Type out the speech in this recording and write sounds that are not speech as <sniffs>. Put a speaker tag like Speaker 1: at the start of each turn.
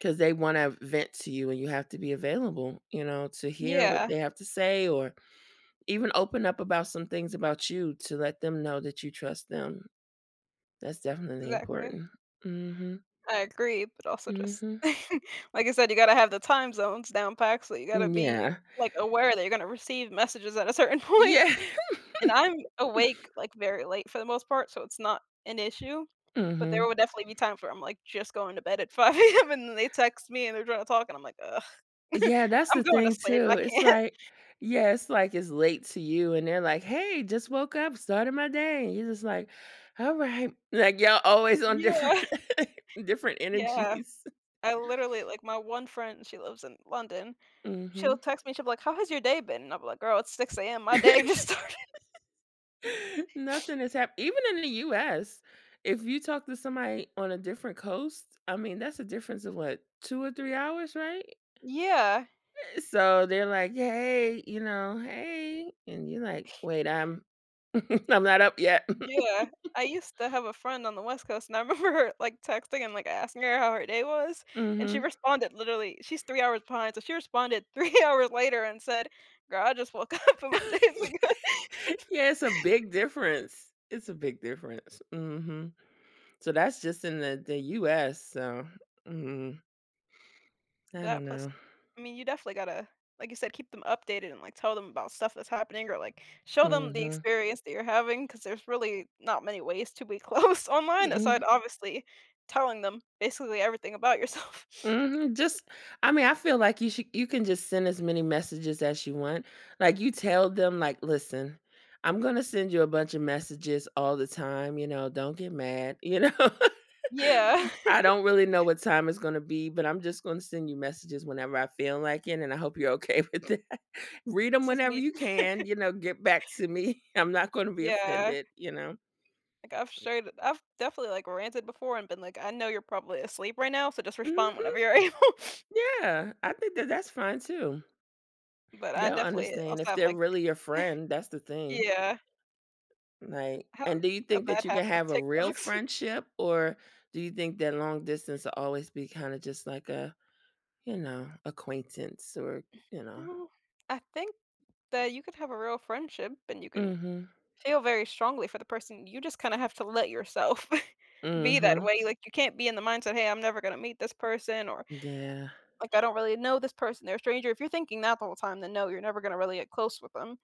Speaker 1: 'Cause they wanna vent to you and you have to be available, you know, to hear what
Speaker 2: Yeah.
Speaker 1: they have to say or even open up about some things about you to let them know that you trust them. That's definitely
Speaker 2: Exactly.
Speaker 1: important. Mhm.
Speaker 2: I agree, but also just,
Speaker 1: Mhm.
Speaker 2: <chuckles> like I said, you gotta have the time zones down exactly, so you gotta
Speaker 1: M
Speaker 2: be,
Speaker 1: Yeah.
Speaker 2: like, aware that you're gonna receive messages at a certain point,
Speaker 1: Yeah.
Speaker 2: and I'm awake,
Speaker 1: <chuckles>
Speaker 2: like, very late for the most part, so it's not an issue, but there
Speaker 1: Mhm.
Speaker 2: would definitely be times where I'm, like, just going to bed at 5:00 AM and then they text me and they're trying to talk and I'm like, "Ugh," <chuckles>
Speaker 1: Yeah, that's
Speaker 2: "I'm
Speaker 1: the
Speaker 2: going to
Speaker 1: thing
Speaker 2: sleep.
Speaker 1: too.
Speaker 2: I
Speaker 1: It's
Speaker 2: can't."
Speaker 1: like yeah, it's like it's late to you and they're like, "Hey, just woke up, started my day," and you're just like, "All right," like, y'all always on different
Speaker 2: Yeah.
Speaker 1: different
Speaker 2: Yeah,
Speaker 1: energies.
Speaker 2: I literally, like, my one friend, she lives in London, she'll
Speaker 1: Mhm.
Speaker 2: text me, she'll be like, "How has your day been?" and I'll be like, "Girl, it's 6:00 AM, my day just started."
Speaker 1: <laughs>
Speaker 2: <sniffs>
Speaker 1: Nothing has happ even in the US, if you talk to somebody on a different coast, I mean, that's a difference of what, 2 or 3 hours, right?
Speaker 2: Yeah.
Speaker 1: Eh, so they're like, "Hey," you know, "hey," and you're like, "Wait, I'm-" <chuckles> "I'm not up yet."
Speaker 2: Yeah, I
Speaker 1: <chuckles>
Speaker 2: used to have a friend on the west coast, and I remember her, like, texting and, like, asking her how her day was, and she
Speaker 1: Mhm.
Speaker 2: responded, literally, she's 3 hours behind, so she responded 3 hours later and said, "Girl, I just woke up and my day is good."
Speaker 1: <chuckles> Yeah, it's a big difference. It's a big difference. Mhm, so that's just in the
Speaker 2: Mm.
Speaker 1: the US, so mhm. I
Speaker 2: That
Speaker 1: don't
Speaker 2: plus,
Speaker 1: know.
Speaker 2: I mean, you definitely gotta, like you said, keep them updated and, like, tell them about stuff that's happening or, like, show them the
Speaker 1: Mhm.
Speaker 2: experience that you're having, 'cause there's really not many ways to be close online aside
Speaker 1: Mhm.
Speaker 2: obviously telling them basically everything about yourself.
Speaker 1: Mhm. Just, I mean, I feel like you should you can just send as many messages as you want. Like, you tell them, like, "Listen, I'm gonna send you a bunch of messages all the time, you know, don't get mad, you know.
Speaker 2: Yeah.
Speaker 1: I
Speaker 2: <chuckles>
Speaker 1: don't really know what time it's gonna be, but I'm just gonna send you messages whenever I feel like it, and I hope you're okay with that. Read 'em
Speaker 2: This is
Speaker 1: whenever
Speaker 2: me.
Speaker 1: you can,
Speaker 2: <chuckles>
Speaker 1: you know, get back to me. I'm not gonna be
Speaker 2: Yeah.
Speaker 1: offended," you know.
Speaker 2: Like I've shared I've definitely like ranted before and been like, "I know you're probably asleep right now, so just respond
Speaker 1: Mhm.
Speaker 2: whenever you're able." <sniffs>
Speaker 1: Yeah, I think that that's fine too.
Speaker 2: But I
Speaker 1: They'll
Speaker 2: definitely
Speaker 1: understand
Speaker 2: also
Speaker 1: if
Speaker 2: have
Speaker 1: they're
Speaker 2: like <chuckles>
Speaker 1: really your friend. That's the thing.
Speaker 2: yeah.
Speaker 1: Right,
Speaker 2: I have
Speaker 1: and do you
Speaker 2: a
Speaker 1: think
Speaker 2: bad
Speaker 1: that you can
Speaker 2: habit of
Speaker 1: have a real
Speaker 2: TikToks.
Speaker 1: friendship, or do you think that long distance will always be kind of just like a, you know, acquaintance or, you know.
Speaker 2: No, I think that you could have a real friendship and you can
Speaker 1: Mhm
Speaker 2: feel very strongly for the person. You just kinda have to let yourself <chuckles> be that
Speaker 1: Mhm.
Speaker 2: way. Like, you can't be in the mindset, "Hey, I'm never gonna meet this person," or,
Speaker 1: Yeah.
Speaker 2: like, "I don't really know this person, they're a stranger." If you're thinking that the whole time, then no, you're never gonna really get close with them.